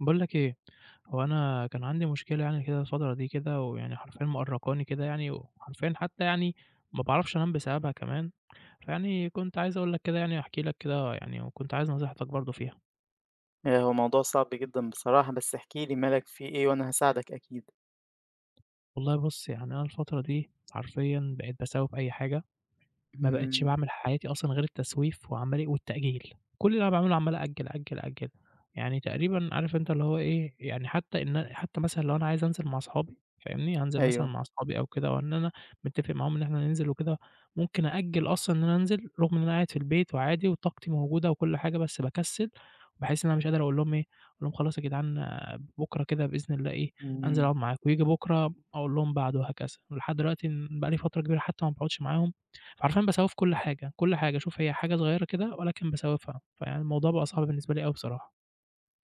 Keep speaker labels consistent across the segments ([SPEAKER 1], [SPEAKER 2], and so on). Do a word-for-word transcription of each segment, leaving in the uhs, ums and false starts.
[SPEAKER 1] باقول لك إيه، هو أنا كان عندي مشكلة يعني كده الفترة دي كده، ويعني حرفيًا مأرقاني كده يعني، وحرفيًا حتى يعني ما باعرفش أنام بسببها كمان، فيعني كنت عايز أقول لك كده يعني أحكي لك كده يعني، وكنت عايز نصيحتك برضو فيها.
[SPEAKER 2] آآ، هو موضوع صعب جدًا بصراحة بس احكِ لي مالك في إيه وأنا هاساعدك أكيد.
[SPEAKER 1] والله بُصّ يعني أنا الفترة دي حرفيًا بقيت باسوّف أي حاجة، ما بقيتش
[SPEAKER 2] إمم.
[SPEAKER 1] باعمل حياتي أصلًا غير التسويف، وعَمّال والتأجيل، كُلّ اللي أنا باعمله عَمّال أأجل، أأجل، أأجل، يعني تقريبًا عارف أنت اللي هو إيه، يعني حتى إن حتى مثلًا لو أنا عايز أنزل مع صحابي فاهمني، هانزل مثلًا
[SPEAKER 2] أيوه.
[SPEAKER 1] مع صحابي أو كده أو إن أنا متفق معاهم إن إحنا هننزل وكده، ممكن أأجل أصلًا إن أنا أنزل رغم إن أنا قاعد في البيت وعادي وطاقتي موجودة وكُلّ حاجة، بس باكسّل باحس إن أنا مش قادر أقول لهم إيه، أقول لهم: "خلاص يا جدعان بُكرة كده بإذن الله إيه، أنزل
[SPEAKER 2] إمم.
[SPEAKER 1] أقعد معاكم"، وييجي بُكرة أقول لهم بعده وهكذا لحد دلوقتي إن بقى لي فترة كبيرة حتى ما باقعدش معاهم، حرفيًا باسوِّف كُلّ حاجة، كُلّ حاجة، شوف هي حاجة صغيّرة كده ولكن باسوّفها، فيعني الموضوع بقى صعب بالنسبة لي أوي بصراحة.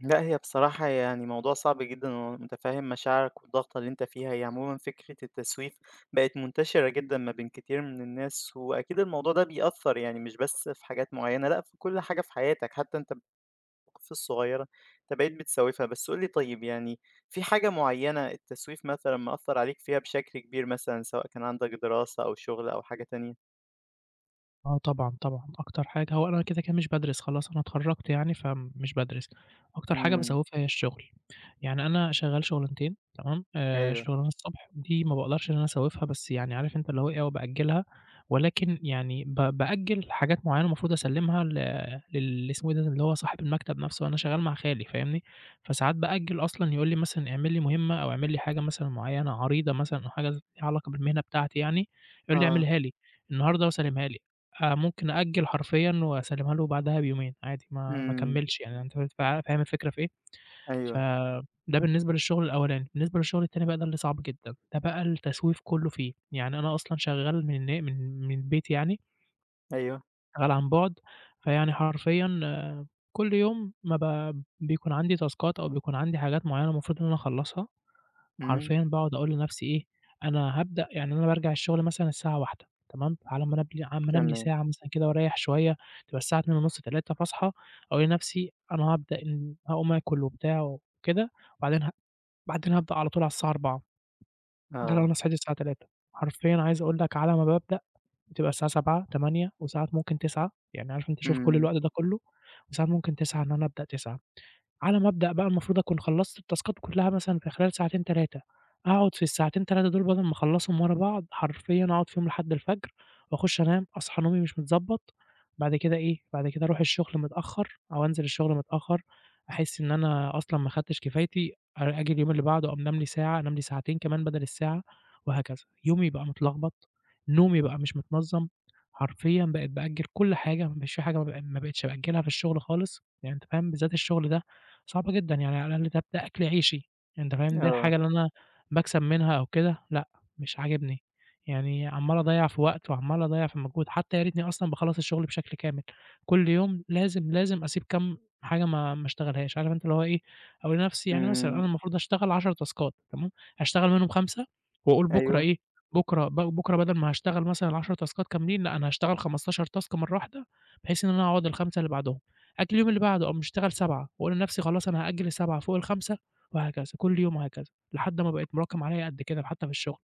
[SPEAKER 2] لأ هي بصراحة يعني موضوع صعب جدًا، ومتفهّم مشاعرك والضغطة اللي أنت فيها، هي عمومًا فكرة التسويف بقت منتشرة جدًا ما بين كتير من الناس، وأكيد الموضوع ده بيأثر يعني مش بس في حاجات معيّنة، لأ في كُلّ حاجة في حياتك، حتى أنت ب المواقف الصغيّرة أنت بقيت بتسوّفها، بس قُل لي طيب يعني في حاجة معيّنة التسويف مثلًا مأثّر عليك فيها بشكل كبير مثلًا، سواء كان عندك دراسة أو شغل أو حاجة تانية؟
[SPEAKER 1] آه طبعًا، طبعًا، أكتر حاجة هو أنا كده، كده مش بادرِس خلاص أنا اتخرّجت يعني ف مش بادرِس. أكتر حاجة
[SPEAKER 2] إمم.
[SPEAKER 1] باسوّفها هي الشغل، يعني أنا شغّال شُغلانتين تمام، آآ
[SPEAKER 2] أيوه.
[SPEAKER 1] شُغلانة الصبح دي ما باقدَرش إن أنا أسوّفها، بس يعني عارف أنت اللي هو إيه، آه بأجّلها ولكن يعني ب بأجّل حاجات معيّنة المفروض أسلّمها ل لل لإسمة إيه، اللي هو صاحب المكتب نَفسه، أنا شغال مع خالي فاهمني، فساعات بأجّل أصلًا يقول لي مثلًا اعمِل لي مُهمّة أو اعمِل لي حاجة مثلًا معيّنة، عريضة مثلًا أو حاجة ز ليها علاقة بالمهنة بتاعتي يعني، يقُول لي
[SPEAKER 2] آه.
[SPEAKER 1] اعمِلها لي، النهاردة وسلّمها لي آآ، ممكن أأجِّل حرفيًا وأسلّمها له بعدها بيومين عادي، ما ما
[SPEAKER 2] إمم.
[SPEAKER 1] أكمّلش يعني أنت فهمت ف فاهم الفكرة في إيه؟
[SPEAKER 2] أيوه.
[SPEAKER 1] فده بالنسبة للشغل الأولاني، بالنسبة للشغل التاني بقى ده اللي صعْب جدًا، ده بقى التسويف كلّه فيه، يعني أنا أصلًا شغّال من من من البيت يعني
[SPEAKER 2] أيوه.
[SPEAKER 1] شغّال عن بُعد، فيعني حرفيًا كلّ يوم ما ب بيكُون عندي تاسكات أو بيكُون عندي حاجات معيّنة المفروض إن أنا أخلّصها،
[SPEAKER 2] إمم.
[SPEAKER 1] حرفيًا باقعُد أقول لنفسي إيه، أنا هابدأ يعني أنا بارجَع الشغل مثلًا الساعة واحدة تمام، على أمّا أنام لي على ما أنام لي
[SPEAKER 2] تمام.
[SPEAKER 1] ساعة مثلًا كده وأريّح شوية تبقى الساعة إتنين ونُص، تلاتة فاصحى أقول لنَفسي أنا هابدأ إن هاقوم آكُل وبتاع وكده وبعدين هأ بعدين هابدأ على طول على الساعة أربعة ده لو
[SPEAKER 2] آه.
[SPEAKER 1] أنا صحِيت الساعة تلاتة حرفيًا عايز أقُول لك على ما بابدأ بتبقى الساعة سبعة، تمانية وساعات ممكن تسعة يعني عارف أنت، شوف كلّ
[SPEAKER 2] إمم.
[SPEAKER 1] الوقت ده كلّه وساعات ممكن تسعة إن أنا أبدأ تسعة على ما ابدأ بقى المفروض أكُون خلّصت التاسكات كلّها مثلًا في خلال ساعتين تلاتة أقعُد في الساعتين تلاتة دُول بدَل ما اخلّصهم ورا بعض، حرفيًا أقعُد فيهم لحد الفَجر وأخُش انام، أصحى، نومي مش متضبّط، بعد كده إيه، بعد كده أرُوح الشغل متأخّر أو أنزِل الشغل متأخّر، أحس إن أنا أصلًا ما خَدتش كفايتي، آ آجي اليوم اللي بَعده أنام لي ساعة، أنام لي ساعتين كمان بدَل الساعة وهكذا، يومي بقى متلخبط، نومي بقى مش متنظّم، حرفيًا بقيت بأجّل كلّ حاجة مش في حاجة ما بق ما بقِتش بأجّلها في الشغل خالص، يعني أنت فاهم بالذات الشغل ده صعب جدًا، يعني على الاقل ده ده أكْل عيشي، أنت فاهم، ده
[SPEAKER 2] آه.
[SPEAKER 1] الحاجة اللي أنا باكسَب منها أو كده لأ، مش عاجبني، يعني عَمّال أضيّع في وقت وعَمّال أضيّع في مجهود حتى يا ريتني أصلًا باخلّص الشغل بشكل كامل، كلّ يوم لازم، لازم أسيب كام حاجة ما ما اشتغلهاش. عارف أنت اللي هو إيه، أقول لنَفسي يعني مثلًا، أنا
[SPEAKER 2] إمم.
[SPEAKER 1] المفروض أشتغل عَشَر تاسكات تمام، أشتغل منهُم خمسة وأقُول بُكرة
[SPEAKER 2] أيوه.
[SPEAKER 1] إيه، بُكرة ب بُكرة بدَل ما هاشتغل مثلًا العَشَر تاسكات كاملين لأ أنا هاشتغل خمستاشر تاسك مرّة واحدة، بحيث إن أنا أقعُد الخَمسة اللي بَعدهم آجي اليوم اللي بَعده أقُوم مشتغل سبعة وأقُول لنَفسي خلاص، أنا هأجّل السبعة فوق الخَمسة وهكذا، كلّ يوم وهكذا لحد ما بقيت مراكِم عليَّ قد كده حتى في الشغل.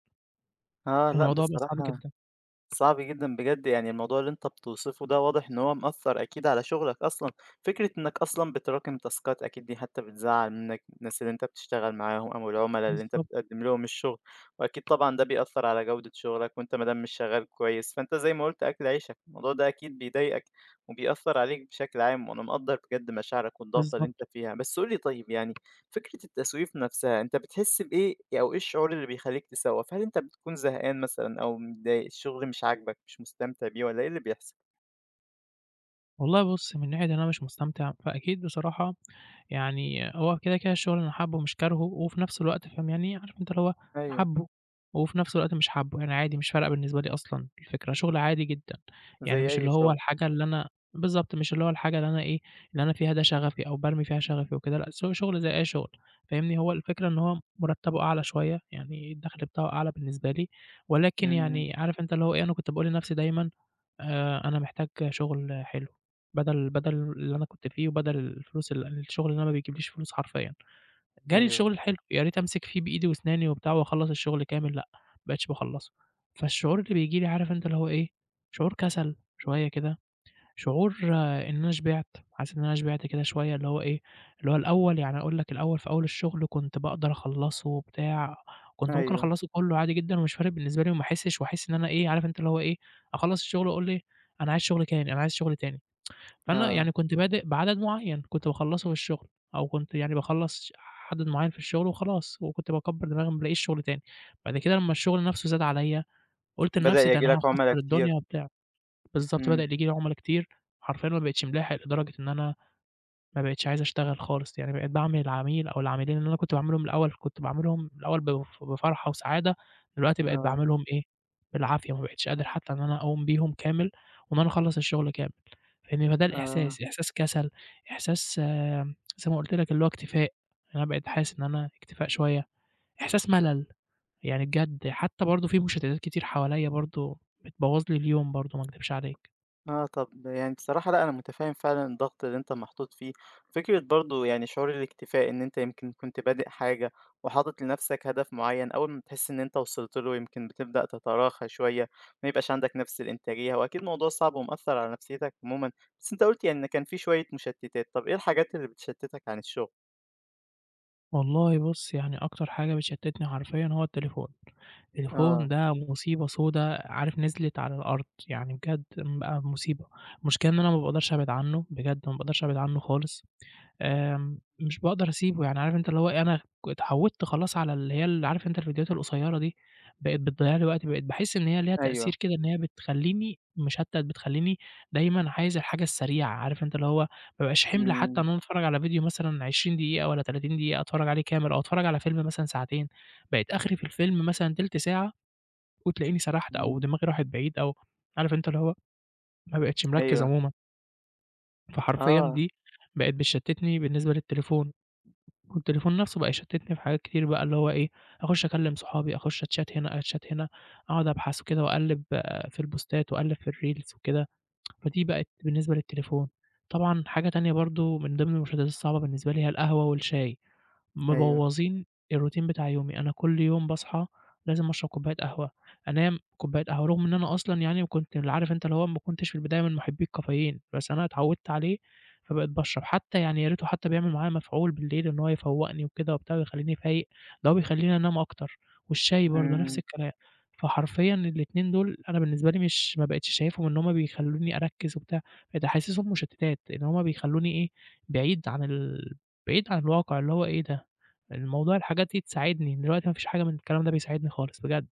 [SPEAKER 2] آه، لأ
[SPEAKER 1] الموضوع بقى صعب
[SPEAKER 2] بصراحة
[SPEAKER 1] جدًا.
[SPEAKER 2] صعب جدًا بجد، يعني الموضوع اللي أنت بتوصِفه ده واضح إن هو مأثّر أكيد على شُغلك أصلًا، فكرة إنك أصلًا بتراكم تاسكات أكيد دي حتى بتزعّل منك الناس اللي أنت بتشتغل معاهم، أو العملا اللي أنت
[SPEAKER 1] بالضبط.
[SPEAKER 2] بتقدّم لهم الشغل وأكيد طبعًا ده بيأثّر على جودة شُغلك، وأنت ما دام مش شغّال كويس فأنت زي ما قُلت أكْل عيشك، الموضوع ده أكيد بيضايقك وبيأثّر عليك بشكل عام وأنا مقدّر بجد مشاعرك والضغطة اللي
[SPEAKER 1] بالضبط.
[SPEAKER 2] أنت فيها. بس قُل لي طيب، يعني فكرة التسويف نفسها أنت بتحس بإيه أو إيه الشعور اللي بيخلّيك تسوّف؟ هل أنت بتكُون زهقان مثلًا أو متضايق، الشغل مش عاجبك، مش مستمتِع بيه والّا إيه اللي بيحصَل؟
[SPEAKER 1] والله بُص من ناحية إن أنا مش مستمتع، فأكيد بصراحة يعني هو كده كده الشغل أنا حابّه مش كارهه، وفي نفس الوقت فاهم يعني عارف أنت اللي هو
[SPEAKER 2] أيوه.
[SPEAKER 1] حابّه، وفي نفس الوقت مش حابّه، يعني عادي مش فارقة بالنسبة لي أصلًا الفكرة شغل عادي جدًا، يعني
[SPEAKER 2] زي
[SPEAKER 1] مش
[SPEAKER 2] أي
[SPEAKER 1] اللي هو
[SPEAKER 2] شغل.
[SPEAKER 1] الحاجة اللي أنا بالضبط مش اللي هو الحاجة اللي أنا إيه اللي أنا فيها ده شغفي أو بارمي فيها شغفي وكده، لأ س شغل زي أي شغل، فاهمني هو الفكرة إن هو مرتبه أعلى شوية يعني الدخل بتاعه أعلى بالنسبة لي، ولكن
[SPEAKER 2] إمم.
[SPEAKER 1] يعني عارف أنت اللي هو إيه أنا كنت باقول لنفسي دايمًا آآ، أنا محتاج شغل حلو بدل بدل اللي أنا كنت فيه وبدل الفلوس ال الشغل ده ما بيجيبليش فلوس حرفيًا، جا لي
[SPEAKER 2] أيوه.
[SPEAKER 1] الشغل الحلو يا ريت أمسك فيه بإيدي واسناني وبتاع وأخلّص الشغل كامل، لأ ما بقيتش باخلّصه، فالشعور اللي بييجي لي عارف أنت اللي هو إيه شعور كسل شوية كده شعور إن أنا شبعت حاسس إن أنا شبعت كده شوية، اللي هو إيه اللي هو الأول يعني أقول لك الأول في أول الشغل كنت باقدر أخلصه وبتاع كنت ممكن
[SPEAKER 2] أيوه.
[SPEAKER 1] أخلصه كله عادي جدًا ومش فارق بالنسبة لي وما احسش وأحس إن أنا إيه عارف أنت اللي هو إيه، أخلّص الشغل وأقول إيه أنا عايز شغل تاني، أنا عايز شغل تاني، فأنا
[SPEAKER 2] آه.
[SPEAKER 1] يعني كنت بادئ بعدد معين كنت باخلصه في الشغل أو كنت يعني باخلص عدد معين في الشغل وخلاص وكنت باكبر دماغي، لما ما بالاقيش شغل تاني بعد كده لما الشغل نفسه زاد عليّا قُلت
[SPEAKER 2] بدأ
[SPEAKER 1] لنفسي ده
[SPEAKER 2] ييجي
[SPEAKER 1] أنا
[SPEAKER 2] لك عملا
[SPEAKER 1] هاكسر الدنيا
[SPEAKER 2] كتير.
[SPEAKER 1] وبتاع، بالضبط، بدأ
[SPEAKER 2] إمم.
[SPEAKER 1] ييجي لي عملا كتير حرفيًا ما بقيتش ملاحق لدرجة إن أنا ما بقيتش عايز أشتغل خالص يعني بقيت باعامل العميل أو العميلين اللي أنا كنت باعاملهم الأول كنت باعاملهم الأول ب بفرحة وسعادة دلوقتي بقيت
[SPEAKER 2] آه.
[SPEAKER 1] باعاملهم إيه بالعافية، وما بقيش قادر حتى إن أنا أقوم بيهم كامل وإن أنا أخلص الشغل كامل يعني بقى ده
[SPEAKER 2] آه.
[SPEAKER 1] الإحساس، إحساس كسل، إحساس زي ما قُلت لك اللي هو اكتفاء، يعني أنا بقيت حاسس إن أنا اكتفاء شوية إحساس ملل، يعني بجد حتى برضه في مششتتات كتير حواليّا برضه بتبوّظ لي اليوم برضه ما أكدبش عليك.
[SPEAKER 2] آه، طب يعني بصراحة لأ أنا متفهم فعلًا الضغط اللي أنت محطوط فيه، فكرة برضه يعني شعور الاكتفاء إن أنت يمكن كنت بادئ حاجة وحاطط لنفسك هدف معين، أول ما بتحس إن أنت وصلت له يمكن بتبدأ تتراخى شوية، ما يبقاش عندك نفس الإنتاجية هو أكيد موضوع صعب ومأثّر على نفسيتك عمومًا، بس أنت قُلت إن كان في شوية مشتتات، طب إيه الحاجات اللي بتشتتك عن الشغل؟
[SPEAKER 1] والله بُص يعني أكتر حاجة بتشتتني حرفيًا هو التليفون، التليفون
[SPEAKER 2] آه.
[SPEAKER 1] ده مصيبة سودا عارف نزلت على الأرض، يعني بجد بقى مصيبة، المشكلة إن أنا ما باقدرش أبعد عنه بجد، ما باقدرش أبعد عنه خالص آمم مش باقدر أسيبه يعني عارف أنت اللي هو إيه أنا ك اتعوّدت خلاص على اللي هي ال عارف أنت الفيديوهات القصيرة دي؟ بقت بتضيّع لي وقتي بقيت باحس إن هي ليها
[SPEAKER 2] أيوه.
[SPEAKER 1] تأثير كده إن هي بتخليني مشتت بتخليني دايمًا عايز الحاجة السريعة، عارف أنت اللي هو ما بابقاش حِمل حتى إن
[SPEAKER 2] إمم.
[SPEAKER 1] أنا أتفرج على فيديو مثلًا عشرين دقيقة والّا تلاتين دقيقة أتفرج عليه كامل أو أتفرج على فيلم مثلًا ساعتين، بقيت آخري في الفيلم مثلًا تِلت ساعة وتلاقيني سرحت أو
[SPEAKER 2] إمم.
[SPEAKER 1] دماغي راحت بعيد، أو عارف أنت اللي هو ما بقيتش مركِّز
[SPEAKER 2] أيوه.
[SPEAKER 1] عمومًا. فحرفيًا
[SPEAKER 2] آه.
[SPEAKER 1] دي بقت بتشتتني بالنسبة للتليفون. والتليفون نفسه بقى يشتتني في حاجات كتير بقى اللي هو إيه أخش أكلم صحابي أخش أتشات هنا أتشات هنا أقعد أبحث وكده وأقلب في البوستات وأقلب في الريلز وكده فدي بقت بالنسبة للتليفون. طبعًا حاجة تانية برضو من ضمن المشتتات الصعبة بالنسبة لي هي القهوة والشاي
[SPEAKER 2] أيوه.
[SPEAKER 1] مبوظين الروتين بتاع يومي أنا كل يوم باصحى لازم أشرب كوباية قهوة أنام كوباية قهوة رغم إن أنا أصلًا يعني كنت ال عارف أنت اللي هو ما كنتش في البداية من محبي الكافيين بس أنا اتعوّدت عليه فبقيت باشرب، حتى يعني ياريته حتى بيعمل معايا مفعول بالليل إن هو يفوقني وكده وبتاع ويخليني فايق، ده بيخليني أنام أكتر والشاي برضو نفس
[SPEAKER 2] إمم.
[SPEAKER 1] الكلام فحرفيًا الاتنين دول أنا بالنسبة لي مش ما بقيتش شايفهم إن هُم بيخلوني أركز وبتاع ده حاسسهم مشتتات إن هُم بيخلوني إيه بعيد عن ال بعيد عن الواقع اللي هو إيه ده الموضوع الحاجات دي تساعدني دلوقتي ما فيش حاجة من الكلام ده بيساعدني خالص بجد.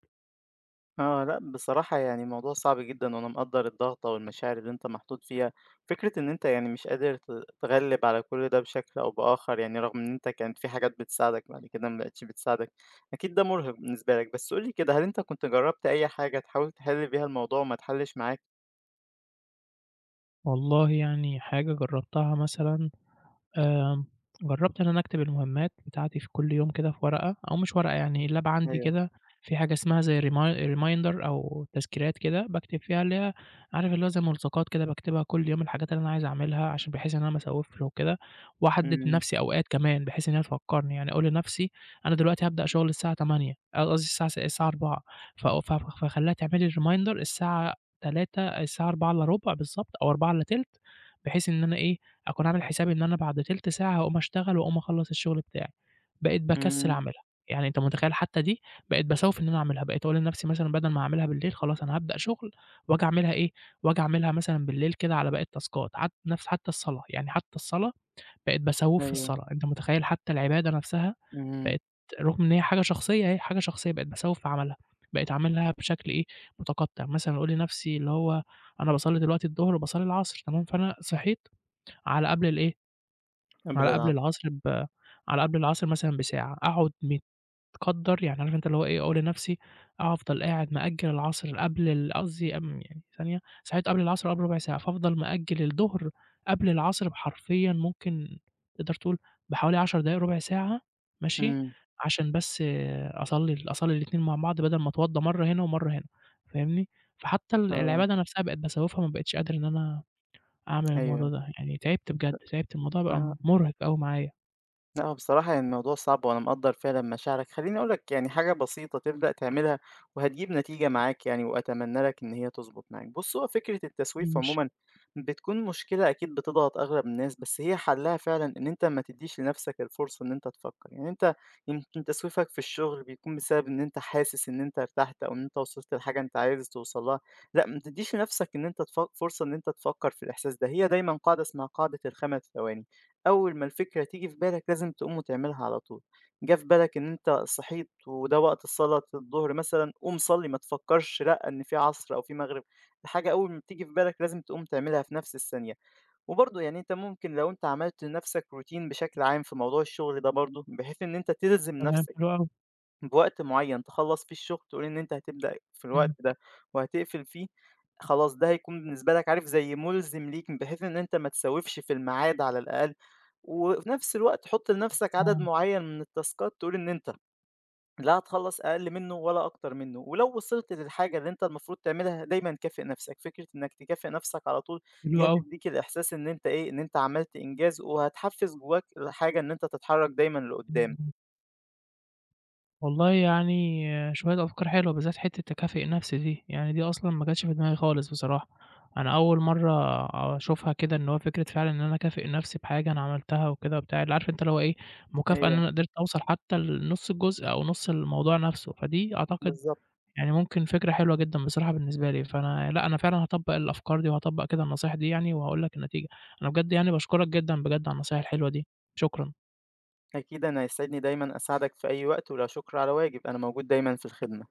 [SPEAKER 2] آه لا بصراحة يعني الموضوع صعب جدًا وأنا مقدّر الضغطة والمشاعر اللي أنت محطوط فيها، فكرة إن أنت يعني مش قادر ت تتغلب على كل ده بشكل أو بآخر يعني رغم إن أنت كانت في حاجات بتساعدك بعد كده ما بقيتش بتساعدك، أكيد ده مُرهِق بالنسبة لك بس قُل لي كده هل أنت كنت جربت أي حاجة تحاول تحل بيها الموضوع وما اتحلش معاك؟
[SPEAKER 1] والله يعني حاجة جربتها مثلًا، آآ جربت إن أنا أكتب المهمات بتاعتي في كل يوم كده في ورقة، أو مش ورقة يعني اللاب عندي
[SPEAKER 2] أيوه.
[SPEAKER 1] كده في حاجة اسمها زي remi reminder أو تذكيرات كده، باكتب فيها اللي هي عارف اللي هي زي ملصقات كده باكتبها كل يوم الحاجات اللي أنا عايز أعملها، عشان بحيث إن أنا ما اسوّفش وكده وأحدد
[SPEAKER 2] إمم.
[SPEAKER 1] نفسي أوقات كمان بحيث إن هي تفكرني، يعني أقول لنفسي أنا دلوقتي هابدأ شغل الساعة تمانية ق قصدي الساعة س الساعة أربعة ف ف فاخليها تعمل لي reminder الساعة تلاتة الساعة أربعة إلا ربع بالضبط أو أربعة إلا تلت بحيث إن أنا إيه أكون عامل حسابي إن أنا بعد تلت ساعة هاقوم اشتغل وأقوم أخلّص الشغل بتاعي، بقيت باكسل
[SPEAKER 2] إمم.
[SPEAKER 1] أعملها يعني أنت متخيل حتى دي، بقيت باسوّف إن أنا أعملها بقيت أقول لنفسي مثلًا بدل ما هاعملها بالليل خلاص أنا هابدأ شغل وآجي أعملها إيه، وآجي أعملها مثلًا بالليل كده على باقي التاسكات، ع نفس حتى الصلاة يعني حتى الصلاة بقيت باسوّف في
[SPEAKER 2] أيوه.
[SPEAKER 1] الصلاة أنت متخيل حتى العبادة نفسها
[SPEAKER 2] إمم.
[SPEAKER 1] بقيت رغم إن هي حاجة شخصية أهي حاجة شخصية بقيت باسوّف في عملها، بقيت أعملها بشكل إيه متقطع مثلًا أقول لنفسي اللي هو أنا باصلي دلوقتي الضهر وباصلي العصر تمام، فأنا صحيت على قبل الإيه؟
[SPEAKER 2] قبل
[SPEAKER 1] على قبل
[SPEAKER 2] العص
[SPEAKER 1] العصر ب على قبل العصر مثلًا بساعة أقعد متكدر يعني عارف أنت اللي هو إيه أقول لنفسي أفضل قاعد مأجل العصر قبل ال قصدي أم يعني التانية، صحيت قبل العصر آه بربع ساعة فافضل مأجل الضهر قبل العصر بحرفيًا ممكن تقدر تقول بحوالي عشر دقايق ربع ساعة ماشي،
[SPEAKER 2] إمم.
[SPEAKER 1] عشان بس أصلي أصلي الإتنين مع بعض بدل ما اتوضا مرّة هنا ومرّة هنا فاهمني؟ فحتى ال
[SPEAKER 2] آه.
[SPEAKER 1] العبادة نفسها بقيت باسوّفها ما بقيتش قادر إن أنا أعمل الموضوع
[SPEAKER 2] أيوه
[SPEAKER 1] ده يعني تعبت بجد تعبت الموضوع
[SPEAKER 2] أ
[SPEAKER 1] بقى
[SPEAKER 2] آه.
[SPEAKER 1] مُرهِق أوي معايا.
[SPEAKER 2] آه هو بصراحة يعني الموضوع صعب، وأنا مقدّر فعلًا مشاعرك، خلّيني اقول لك يعني حاجة بسيطة تبدأ تعملها وهتجيب نتيجة معاك يعني، وأتمنى لك إن هي تضبط معاك، بُصّ، هو فكرة التسويف
[SPEAKER 1] [unintelligible]
[SPEAKER 2] عمومًا بتكون مشكلة أكيد بتضغط أغلب الناس، بس هي حلّها فعلًا إن أنت ما تديش لنَفسك الفرصة إن أنت تفكّر، يعني أنت يمكن تسويفك في الشغل بيكون بسبب إن أنت حاسس إن أنت ارتحت أو إن أنت وصلت لحاجة أنت عايز توصل لها، لأ ما تديش لنَفسك إن أنت تف فرصة إن أنت تفكّر في الإحساس ده، هي دايمًا قاعدة اسمها قاعدة الخمس ثواني، أول ما الفكرة تيجي في بالك لازم تقوم وتعملها على طول، جِه في بالك إن أنت صحيت وده وقت صلاة الضهر مثلًا، قوم صلّي، ما تفكرش لأ إن في عصر أو في مغرب، الحاجة أول ما بتيجي في بالك لازم تقوم تعملها في نَفس الثانية، وبرضو يعني أنت ممكن لو أنت عملت لنَفسك routine بشكل عام في موضوع الشغل ده برضو، بحيث إن أنت تلزِم
[SPEAKER 1] تمام
[SPEAKER 2] نَفسك
[SPEAKER 1] حلو أوي.
[SPEAKER 2] بوقت معيّن تخلّص فيه الشغل، تقول إن أنت هتبدأ في الوقت
[SPEAKER 1] إمم.
[SPEAKER 2] ده وهتقفل فيه، خلاص ده هيكون بالنسبة لك عارف زي مُلزِم ليك م بحيث إن أنت ما تسوفش في الميعاد على الأقل، وفي نَفس الوقت حط لنَفسك عدد
[SPEAKER 1] آه.
[SPEAKER 2] معيّن من التاسكات تقول إن أنت لا هتخلّص أقل منُّه ولا أكتر منُّه، ولو وصلت للحاجة اللي أنت المفروض تعملها دايمًا كافئ نَفسك، فكرة إنّك تكافئ نَفسك على طول
[SPEAKER 1] حلو
[SPEAKER 2] دي
[SPEAKER 1] أوي.
[SPEAKER 2] هتديك الإحساس إن أنت إيه، إن أنت عملت إنجاز، وهتحفّز جواك الحاجة إن أنت تتحرك دايمّا
[SPEAKER 1] إمم،
[SPEAKER 2] لقدّام.
[SPEAKER 1] إمم. والله يعني شوية أفكار حلوة، بالذات حتة تكافئ نَفسي دي يعني دي أصلًا ما جتش في دماغي خالص بصراحة، أنا أول مَرّة أشوفها كده إن هو فكرة فعلًا إن أنا اكافئ نَفسي بحاجة أنا عملتها وكده وبتاع اللي عارف أنت اللي هو إيه، مكافأة إن
[SPEAKER 2] أيوه.
[SPEAKER 1] أنا قدرت اوصل حتى لنُص الجزء أو نُص الموضوع نَفسه، فدي أعتقد
[SPEAKER 2] بالضبط.
[SPEAKER 1] يعني ممكن فكرة حلوة جدًا بصراحة بالنسبة لي، فأنا لأ أنا فعلًا هاطبّق الأفكار دي وهاطبّق كده النصايح دي يعني، وهاقول لك النتيجة، أنا بجد يعني باشكرك جدًا بجد على النصايح الحلوة دي، شكرًا.
[SPEAKER 2] أكيد أنا يسعدني دايمًا أساعدك في أي وقت، ولا شكر على واجب، أنا موجود دايمًا في الخدمة.